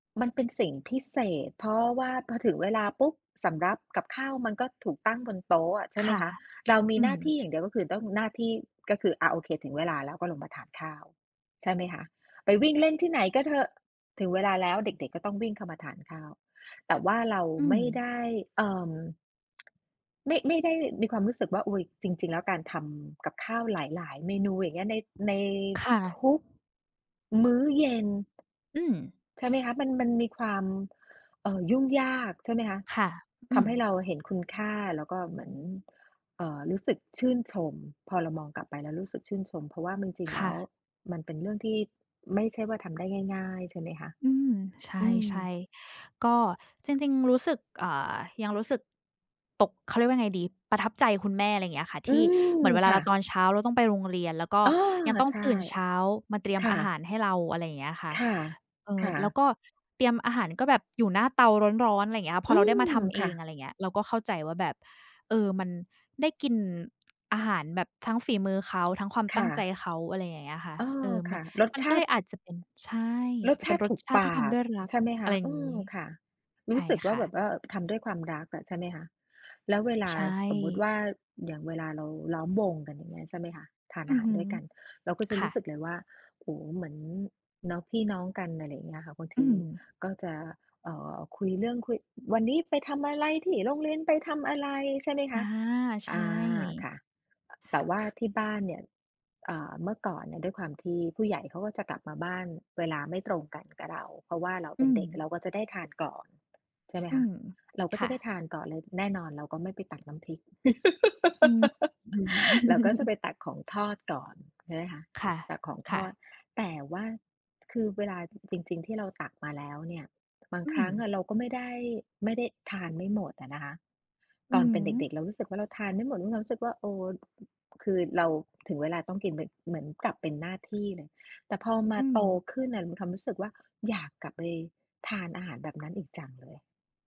มันเป็นสิ่งพิเศษ เพราะว่าพอถึงเวลาปุ๊บ สำรับกับข้าวมันก็ถูกตั้งบนโต๊ะอะ ใช่คไหม่ะ คะ เรามีอืหน้าทีม ่อย่างเดียว ก็คือต้อง หน้าที่ก็คือ อา โอเค ถึงเวลาแล้ว ก็ลงมาทานข้าว ใช่ไหมคะ ไปวิ่งเล่นที่ไหนก็เถอะ ถึงเวลาแล้วเด็ก ๆ ก็ต้องวิ่งเข้ามาทานข้าว แต่ว่าเราอืไมม ่ได้ เอ่อ ไม่ ไม่ได้มีความรู้สึกว่า อุ๊ย จริง ๆ แล้วการทำกับข้าวหลาย ๆ เมนู อย่างเงี้ย ใน ในค่ะ ทุก มื้อเย็น อืม ใช่ไหมคะ มัน มันมีความ เอ่อ ยุ่งยาก ใช่ไหมคะ ค่ะ อทืำม ให้เราเห็นคุณค่า แล้วก็เหมือน เอ่อ รู้สึกชื่นชม พอเรามองกลับไปแล้วรู้สึกชื่นชม เพราะว่ามันจริง คแล้่วะ มันเป็นเรื่องที่ไม่ใช่ว่าทำได้ง่าย ๆ ใช่ไหมคะ อืม ใอืม ช่ ๆ ก็จริง ๆ รู้สึก อ่า ยังรู้สึกตก เขาเรียกว่าไงดี ประทับใจคุณแม่ ไรอย่างเงี้ยค่ะ อทืี่ม เหมือนเวลคาเ่ราตะ อนเช้าเราต้องไปโรงเรียน แล้วก็อ้อ ยังต้องใช่ ตื่นเช้ามาเตรียคม่อะ าหารให้เรา อะไรอย่างเงี้ยค่ะ ค่ะ เออ ค่แล้วะ ก็ เตรียมอาหารก็แบบ อยู่หน้าเตาร้อน ๆ ไรอย่างเงี้ยค่ะ พออืเราได้มม าทำเอค่ง ะ อะไรเงี้ย เราก็เข้าใจว่าแบบ เออ มันได้กิน อาหารแบบทั้งฝีมือเขา ทั้งความคตั้่งใจะ เขา อะไรอย่างเงี้ยค่ะ อ๋อ เออ มคัน ่ะ รสมันชก็าเลติ ยอาจจะเป็น ใช่ รสจะชเป็านติรถสูกชาตปิที่ทาำ ดก ้วยรัก ใช่ไหมคอะไะ รอย่อาืงงี้ อ ค่ะ รใชู้่สึกวค่า่แบะ บว่า ทำด้วยความรักอะ ใช่ไหมคะ แล้วเวลาใชสมมุติว่ ่า อย่างเวลาเราล้อมวงกัน อย่างเงี้ย ใช่ไหมคะ ทานออืาหอาฮรึ ด้วยกัน เราก็จะครู่ะ ้สึกเลยว่า โอ้โฮ เหมือน เนาะ พี่น้องกัน อะไรอย่างเงี้ยค่ะ บางอทืีม ก็จะ เอ่อ คุยเรื่อง คุย "วันนี้ไปทำอะไร? ที่โรงเรียนไปทำอะไร?" ใช่ไหมอคา ะ ใชอ่ า ค่ะ แต่ว่าค ที่บ้านเนี่ย อ่า เมื่อก่อนเนี่ย ด้วยความที่ผู้ใหญ่เขาก็จะกลับมาบ้านเวลาไม่ตรงกันกับเรา เพราะว่าเราอเืป็นเด็ก ม เราก็จะได้ทานก่อน ใช่ไหมอืคะ ม เราก็คจ่ะได้ะ ทานก่อน แล้วแน่นอนเราก็ไม่ไปตักน้ำพริก อืม อือ เราก็จะไปตักของทอดก่อน ใช่ไหมคะ ค่ะ ตักของคท่อะ ด แต่ว่า คือเวลา อ จริง ๆ ที่เราตักมาแล้วเนี่ย บางอืครัม ้งอะเราก็ไม่ได้ ไม่ได้ ทานไม่หมดอะนะคะ อืตออนฮเป็นเด็ก ึ ๆ เรารู้สึกว่าเราทานไม่หมด แล้วมีความรู้สึกว่า เออ อ คือเรา ถึงเวลาต้องกิน ม เหมือนกับเป็นหน้าที่เลย แต่พอมอาืโตม ขึ้นน่ะมีความรู้สึกว่าอยากกลับไปทานอาหารแบบนั้นอีกจังเลย